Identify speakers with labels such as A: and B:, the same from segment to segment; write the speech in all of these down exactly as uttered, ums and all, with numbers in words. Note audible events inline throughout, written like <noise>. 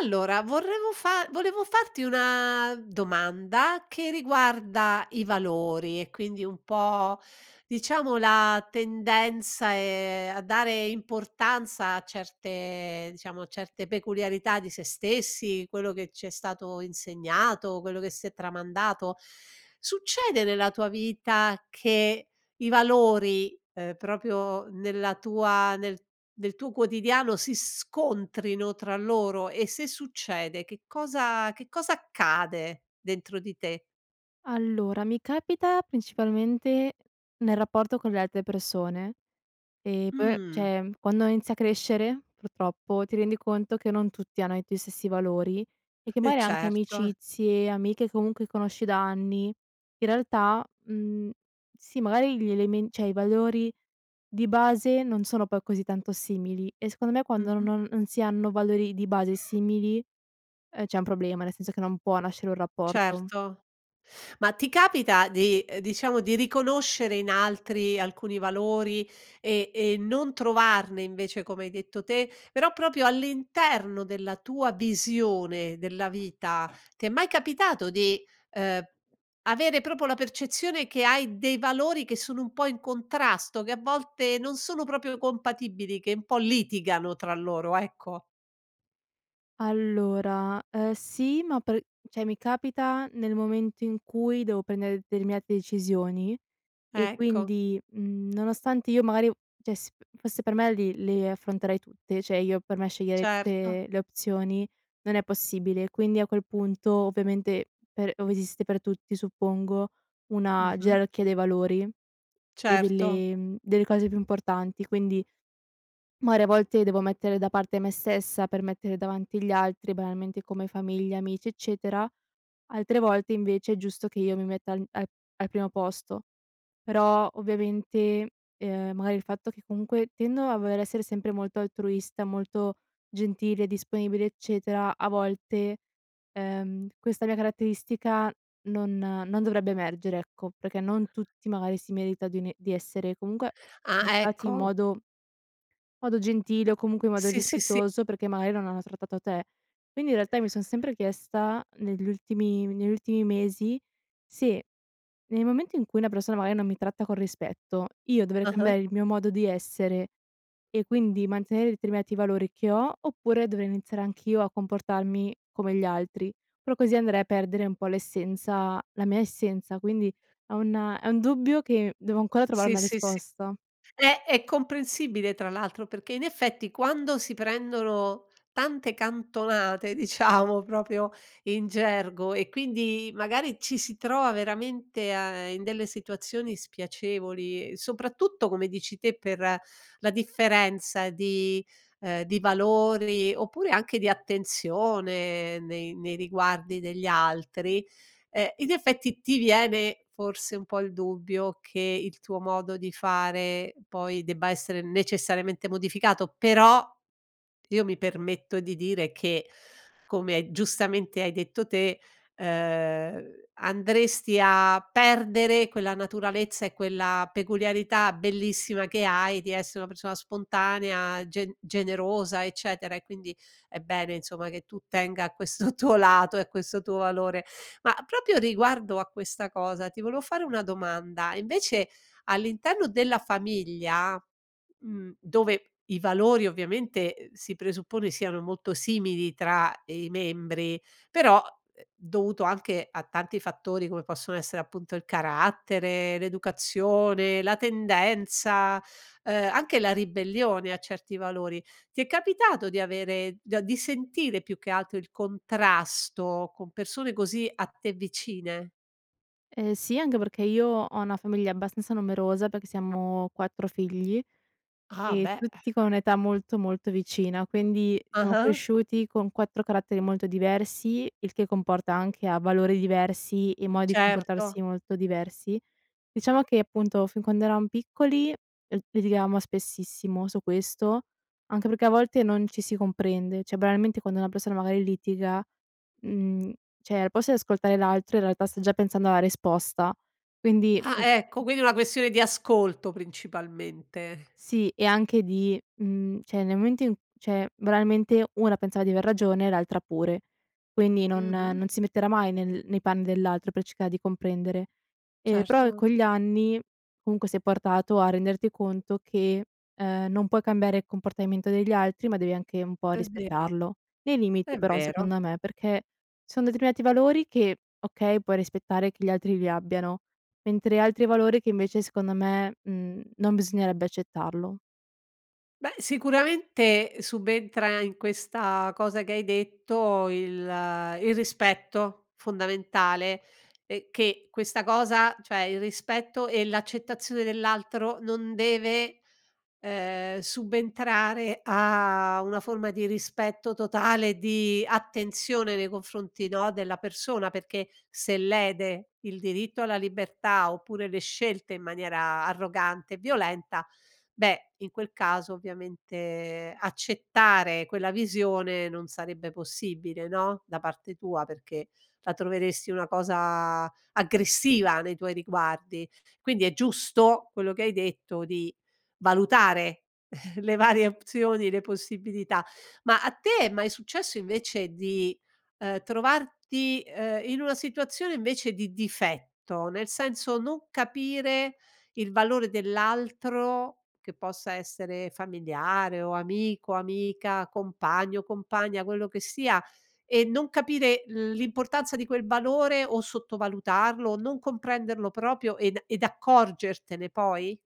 A: Allora volevo fa volevo farti una domanda che riguarda i valori, e quindi un po', diciamo, la tendenza, ehm, a dare importanza a certe, diciamo, certe peculiarità di se stessi, quello che ci è stato insegnato, quello che si è tramandato. Succede nella tua vita che i valori, ehm, proprio nella tua nel nel tuo quotidiano si scontrino tra loro? E, se succede, che cosa che cosa accade dentro di te?
B: Allora, mi capita principalmente nel rapporto con le altre persone. E poi,
A: Mh.
B: ceh quando inizi a crescere, purtroppo, ti rendi conto che non tutti hanno i tuoi stessi valori e che
A: Eh,
B: maari anche
A: certo.
B: amicizie, amiche comunque conosci da anni in realtà, mhmm, sì magari gli elemen ceh i valori di base non sono poi così tanto simili, e secondo me quando
A: Mh-mh.
B: non non si hanno valori di base simili, ehm, c'è un problema, nel senso che non può nascere un rapporto.
A: Certo. Ma ti capita di uhm, diciamo di riconoscere in altri alcuni valori e e non trovarne, invece, come hai detto te, però proprio all'interno della tua visione della vita. Ti è mai capitato di, uhm, avere proprio la percezione che hai dei valori che sono un po' in contrasto, che a volte non sono proprio compatibili, che un po' litigano tra loro, ecco.
B: Allora, ehm, sì ma per ceh mi capita nel momento in cui devo prendere determinate decisioni e
A: Ecco.
B: quindi, mhmm, nonostante io magari ceh s fosse per me li le affronterei tutte, cioè io per me sceglierei
A: Certo.
B: tutte le opzioni. Non è possibile, quindi a quel punto, ovviamente, per ove esiste per tutti, suppongo una
A: Mh-mh.
B: gerarchia dei valori e
A: Certo.
B: delle, mhmm, delle cose più importanti, quindi maari a volte devo mettere da parte me stessa, per mettere davanti gli altri, banalmente, come famiglia, amici, eccetera. Altre volte, invece, è giusto che io mi metta an a al primo posto. Però, ovviamente, ehm, magari il fatto che comunque tendo a voler essere sempre molto altruista, molto gentile, disponibile, eccetera, a volte, ehm, questa mia caratteristica non non dovrebbe emergere, ecco, perché non tutti magari si meritan di n di essere comunque
A: Ah,
B: <unintelligible> in
A: ecco.
B: modo modo gentile o comunque in modo
A: Sì, sì, sì.
B: rispettoso, perché maari non hanno trattato te. Quindi, in realtà, io mi son sempre chiesta negli ultimi negli ultimi mesi se, nel momento in cui una persona magari non mi tratta con rispetto io dovrei
A: Ah-ah.
B: cambiare il mio modo di essere e quindi mantenere determinati valori che ho? Oppure dovrei iniziare anch'io a comportarmi come gli altri? Però così andrei a perdere un po' l'essenza la mia essenza, quindi è un è un dubbio che devo ancora trovare
A: Sì,
B: una
A: sì, sì,
B: risposta.
A: è è comprensibile tra l'altro perché, in effetti quando si prendono tante cantonate, diciamo, proprio in gergo, e quindi magari ci si trova veramente a in delle situazioni spiacevoli, uhm, soprattutto come dici te, per la differenza di, ehm, di valori, oppure anche di attenzione nei nei riguardi degli altri, ehm, in effetti ti viene forse un po' il dubbio che il tuo modo di fare poi debba essere necessariamente modificato. Però, io mi permetto di dire che, come giustamente hai detto te, ehm, andresti a perdere quella naturalezza e quella peculiarità bellissima che hai di essere una persona spontanea, gen generosa, eccetera, e quindi è bene, insomma, che tu tenga a questo tuo lato e a questo tuo valore. Ma, proprio riguardo a questa cosa, ti volevo fare una domanda, e invece, all'interno della famiglia, mhmm, dove i valori ovviamente, uhm, si presuppone, siano molto simili tra, ehm, i membri però, uhm, dovuto anche a tanti fattori come possono essere appunto il carattere, l'educazione, la tendenza, ehm, anche la ribellione a certi valori, ti è capitato di avere, do di avere di sentire più che altro, il contrasto con persone così a te vicine?
B: Ehm, sì anghe perché io ho una famiglia abbastanza numerosa, perché siamo quattro figli
A: Ah
B: e
A: beh, eh.
B: tutti con un'età molto, molto vicina, quindi siamo
A: Ah-ah.
B: cresciuti con quattro caratteri molto diversi, il che comporta anche a valori diversi e modi di
A: Certo.
B: comportarsi molto diversi. Diciamo che, appunto, fin quando eravamo piccoli l litigavamo spessissimo su questo, anche perché a volte non ci si comprende; cioè banalmente quando una persona magari litiga, mhmm, cioè al posto di ascoltare l'altro in realtà sta già pensando alla risposta quindi
A: Ah
B: mh,
A: ecco,
B: mh
A: quindi è una questione di ascolto principalmente.
B: Sì e anche di mhmm, cioè nel momento in cioè, banalmente, una pensava di aver ragione e l'altra pure, quindi non
A: Mh-mh.
B: non si metterà mai nel nei panni dell'altro per cercare di comprendere. Ehm, però,
A: Certo.
B: con gli anni comunque sei portato a renderti conto che, ehm, non puoi cambiare il comportamento degli altri, ma devi anche un po'
A: È vero.
B: rispettarlo, nei limiti
A: È
B: però
A: vero.
B: secondo me, perché ci son determinati valori che, okay, puoi rispettare che gli altri li abbiano, mentre altri valori che invece secondo me, mhmm, non bisognerebbe accettarlo.
A: Beh, sicuramente subentra, in questa cosa che hai detto, il il rispetto fondamentale, ehm, che questa cosa cioè il rispetto e l'accettazione dell'altro non deve, ehm, subentrare a una forma di rispetto totale e di attenzione nei confronti, no, della persona, perché se lede il diritto alla libertà, oppure le scelte in maniera arrogante e violenta, beh, in quel caso, ovviamente, accettare quella visione non sarebbe possibile, no, da parte tua perché la troveresti una cosa aggressiva nei tuoi riguardi. Quindi è giusto quello che hai detto, di valutare <chuckles> le varie opzioni, le possibilità. Ma a te è mai successo invece di, uhm, trovarti, ehm, in una situazione invece di difetto, nel senso non capire il valore dell'altro, che possa essere familiare o amico, amica, compagno, compagna, quello che sia e non capire l'importanza di quel valore o sottovalutarlo, non comprenderlo proprio ed ed accorgertene poi?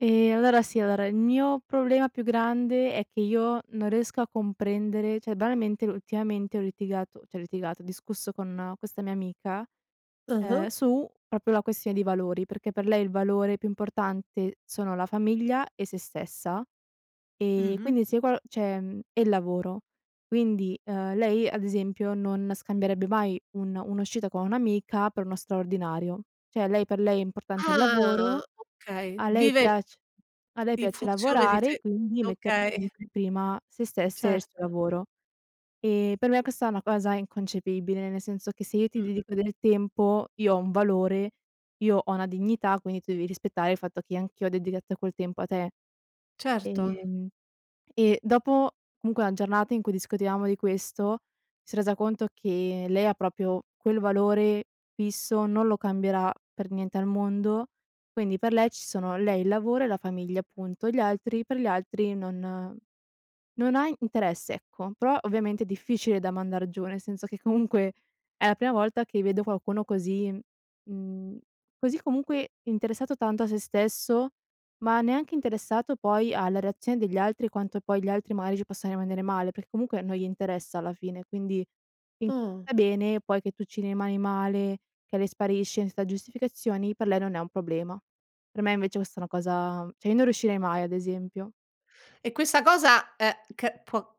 B: Ehm, allora sì allora il mio problema più grande è che io non riesco a comprendere cioè banalmente ultimamente ho litigato ceh ho litigato, ho discusso con questa mia amica, uhm,
A: Ah-ah.
B: su propio la questione di valori, perché per lei il valore più importante sono la famiglia e sé stessa. Ehm,
A: Mh-mh.
B: quindi se qual ceh mhmm, e il lavoro. Quindi, uhm, lei ad esempio non scambierebbe mai un un'uscita con un'amica per uno straordinario. Cioè lei per lei è importante il
A: Ah,
B: lavoro,
A: okay,
B: a lei
A: vive
B: piac a lei
A: in
B: piace
A: funzione di
B: lavorare,
A: fe
B: quindi mette
A: okay.
B: <unintelligible> prima sé stessa e suo
A: Certo.
B: lavoro. Ehm, per me questa è una cosa inconcepibile, nel senso che se io ti
A: Mh-mh.
B: dedico del tempo, io ho un valore, io ho una dignità, quindi tu devi rispettare il fatto che anch'io ho dedigatto quel tempo a te.
A: Certo.
B: Ehm, e dopo comunque a giornata in cui discutevamo di questo, si è resa conto che lei ha propio quel valore fisso, non lo cambierà per niente al mondo, quindi per lei ci sono lei, il lavoro e la famiglia punto, gli altri per gli altri non non ha i interesse ecco, prò ovviamente è difficile da mandar giù, nel senso che comunque è la prima volta che vedo qualcuno così m mhmm, così, comunque, interessato tanto a se stesso, ma neanche interessato poi alla reazione degli altri, quanto poi gli altri magari ci possano rimanere male, per comunque non gli interessa alla fine, quindi <unintelligible>
A: Oh.
B: bene, poi che tu ci rimani male, che lei sparisce ensa giustificazioni, per lei non è un problema. Per me invece questa una cosa cioè io non riuscirei mai ad esempio.
A: E questa cosa, uhm, c può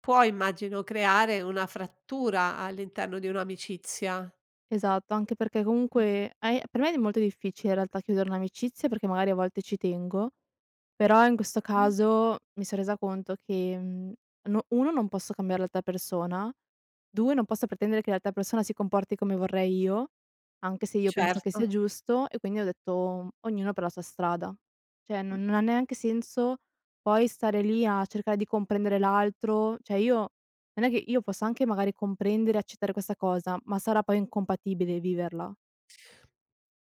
A: può, immagino, creare una frattura all'interno di un'amicizia.
B: Esatto, anche perché
A: Mh.
B: comunque ai per me è d molto difficile in realtà chiudere un'amicizia perché magari a volte ci tengo però in questo
A: Mh.
B: caso mi son resa conto che, mhmm, no uno non posso cambiare l'alta persona, due non posso pretendere che l'altra persona si comporti come vorrei io anche se io penso che
A: Certo.
B: sia giusto e quindi ho detto m ognuno per la sua strada. ceh
A: Mh.
B: non non ha neanche senso poi stare lì a cercae di comprendere l'altro, ceh io non è che io posso anche magari comprendere, accettare questa cosa, ma sarà poi incompatibile viverla.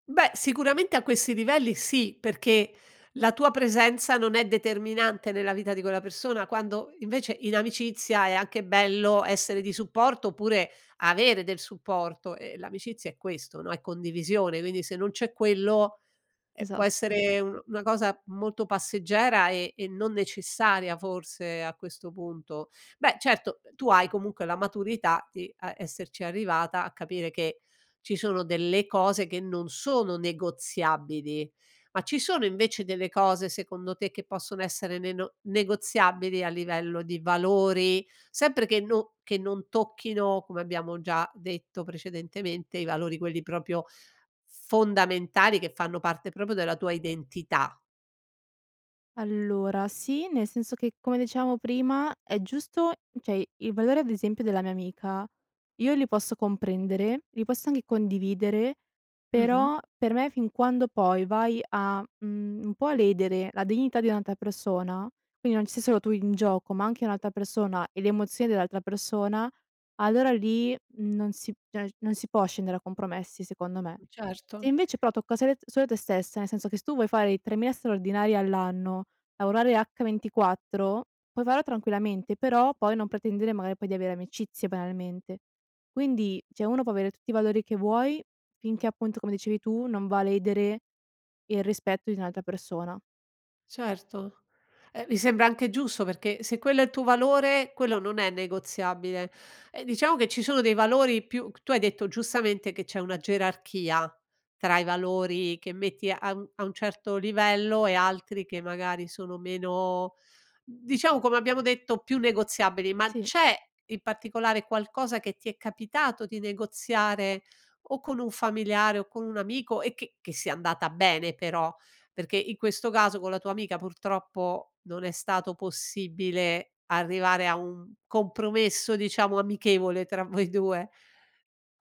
A: Beh, sicuramente a questi livelli sì, perché la tua presenza non è determinante nella vita di quella persona quando invece in amicizia è anche bello essere di supporto oppure avere del supporto e l'amicizia è questo, no, è condivisione, uini se non c'è quello ehm, può
B: Esatto.
A: essere un una cosa molto passeggera e e non necessaria forse a questo punto. Beh, certo, tu hai comunque la maturità di a esserci arrivata a capire che ci sono delle cose che non sono negoziabili ma ci sono invece delle cose, secondo te, che possono essere neno negoziabili a livello di valori, sempre che no che non tocchino come abbiamo già detto precedentemente i valori quelli propio fondamentali, che fanno parte propio della tua identità?
B: Allora, sì, nel senso che, come dicevamo prima, è giusto ceh i i valori ad esempio della mia amica io li posso comprendere, li posso anche condividere,
A: Mh-mh.
B: però per me fin quando poi vai a, mhmm, un po' a ledere la dignità di un'altra persona, quini non ci sei solo tu in gioco ma anche un'altra persona e le emozioni dell'altra persona allora lì non si ceg non si può scendere a compromessi secondo me. Se
A: Certo.
B: invece però tocca sele solo te stessa, nel senso che s tu vuoi fare i tremila straordinari all'anno, lavorare h ventiquattro, puoi faro tranquillamente però poi non pretendere magari poi di avere amicizie banalmente. Quindi, ceh uno può avere tutti i valori che vuoi, finché appunto come dicevi tu non va a ledere il rispetto di un'altra persona.
A: Certo. Eh, mi sembra anche giusto perché se quello è il tuo valore, quello non è negoziabile. E diciamo che ci sono dei valori più c tu hai detto giustamente che c'è una gerarchia tra i valori che metti a mhmm, a un certo livello e altri che magari sono meno, mhmm, diciamo, come abbiamo detto, più negoziabili, ma
B: Sì.
A: c'è in particolare qualcosa che ti è capitato di negoziare o con un familiare o con un amico e che che sia andata bene però? Perché in questo caso con la tua amica purtroppo non è stato possibile arrivare a un compromesso diciamo amichevole tra voi due.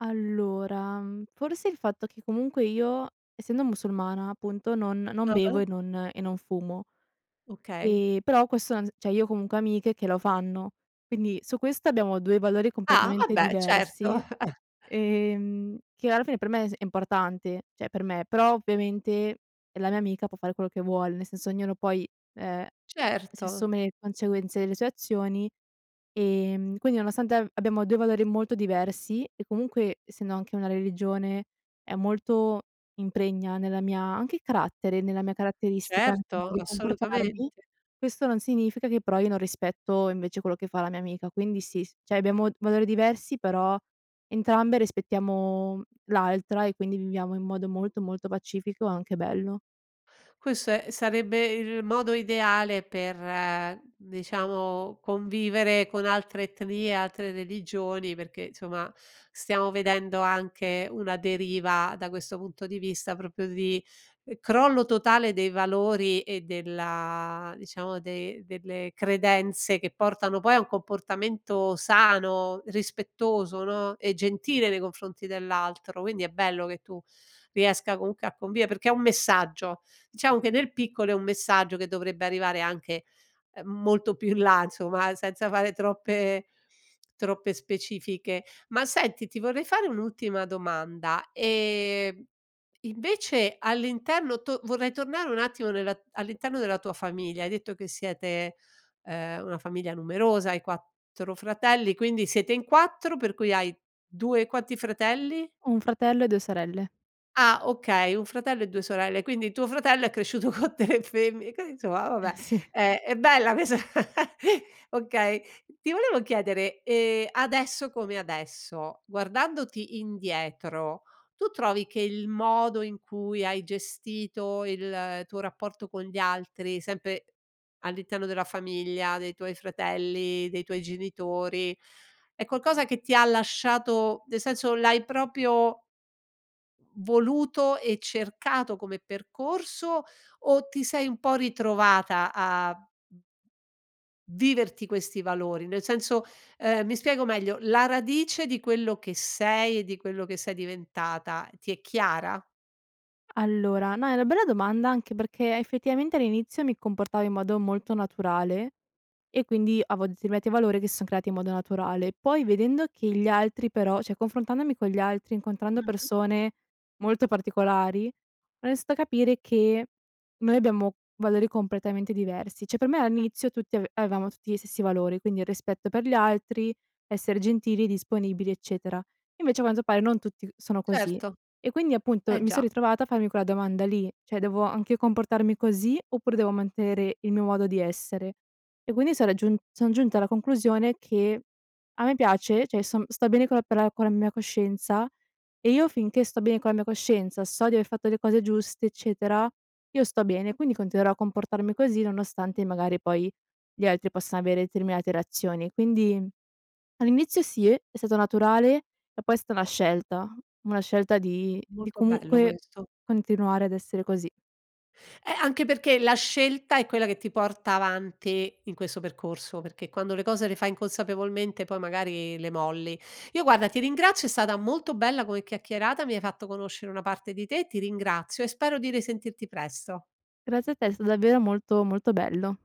B: Allora, mhmm, forse il fatto che comunque io, essendo musulmana appunto, non non bevo
A: Ah-ah.
B: e non e non fumo,
A: Okay.
B: ehm, però questo non s ceh io ho comunque amiche che lo fanno, quindi su questo abbiamo due valori
A: Ah,
B: completamente
A: vabbè certo.
B: diversi,
A: <chuckles>
B: ehm, che alla fine per me s è importante, ceh per me, però ovviamente è la mia amica, può fare quello che vuole, nel senso ognuno poi, ehm, si
A: Certo.
B: assume le conceguenze ele sue azioni, ehm, quindi nonostante a abbiamo due valori molto diversi e comunque, essendo anche una religione, è molto impregna nella mia anche il carattere, nella mia caratteristica mo
A: Certo,
B: di comportarmi,
A: assolutamente!
B: questo non significa che però io non rispetto invece quello che fa la mia amica, quindi sì, s ceh abbiamo valori diversi però entrambe rispettiamo, mhmm, l'altra e quindi viviamo in modo molto, molto pacifico e anche bello.
A: Questo e sarebbe il modo ideale per, diciamo, convivere con altre etnie, altre religioni, perché somma stiamo vedendo anche una deriva da questo punto di vista propio di ehm, crollo totale dei valori e della diciamo dei delle credenze che portano poi a un comportamento sano, rispettoso, no, e gentile nei confronti dell'altro, quindi è bello che tu riesca comunque a convie perché è un messaggio! Diciamo che nel piccolo è un messaggio che dovrebbe arrivare anche, uhm, molto più in là inzoma senza fare troppe troppe specifiche. Ma senti ti vorrei fare un'ultima domanda, ehm, invece all'interno to vorrei tornare un attimo nella all'interno della tua famiglia: hai detto che siete, ehm, una famiglia numerosa, hai quattro fratelli, quindi siete in quattro per cui hai due quanti fratelli?
B: Ho un fratello e due sorelle.
A: Ah, okay, un fratello e due sorelle, quindi tuo fratello è cresciuto co tre femmi qui insomma vabbè
B: Eh sì.
A: è è bella quesa <chuckles> okay. Ti volevo chiedere, ehm, adesso come adesso, guardandoti indietro, tu trovi che il modo in cui hai gestito il tuo rapporto con gli altri, sempe all'interno della famiglia, dei tuoi fratelli, dei tuoi genitori, è qualcosa che ti ha lasciato, nel senso l'hai propio voluto e cercato come percorso o ti sei un po' ritrovata a viverti questi valori? Nel senso ehm, mi spiego meglio,r la radice di quello che sei e di quello che sei diventata ti è chiara?
B: Allora, no, è una bella domanda anche perché effettivamente all'inizio mi comportavo in modo molto naturale e quindi avo determinati valori che son creati in modo naturale. Poi vedendo che gli altri però ceh confrontandomi con gli altri, incontrando
A: Mh-mh.
B: persone molto particolari, ho nisto a capire che noi abbiamo valori completamente diversi. ceh per me a nizio tutti av avevamo tutti gli stessi valori, quindi il rispetto per gli altri, essere gentili, disponibili, eccetera. Invece a quanto pare non tutti sono così
A: Certo.
B: e quindi appunto
A: Eh
B: mi son
A: già.
B: ritrovata a farmi quella domanda lì: cioè devo anche comportarmi così oppure devo mantenere il mio modo di essere? E quini sono giun son giunta alla conclusione che a me piace ceh io son sto bene con la per la con la mia coscienza, e io finché sto bene con la mia coscienza so di aver fatto le cose giuste, eccetera, io sto bene, quindi continuerò a comportarmi così nonostante magari poi gli altri possa avere determinate reazioni. Quindi all'inizio sì, è stato naturale e poi è sta na scelta, una scelta di di
A: Molto bello
B: comunque
A: questo.
B: continuare ad essere così.
A: Eh, anche perché la scelta è quella che ti porta avanti in questo percorso, perché quando le cose le fai inconsapevolmente poi magari le molli. Io, guarda, ti ringrazio è stata molto bella come chiacchierata. Mi hai fatto conoscere una parte di te. Ti ringrazio e spero di risentirti presto.
B: Grazie a te è sta davvero molto, molto bello.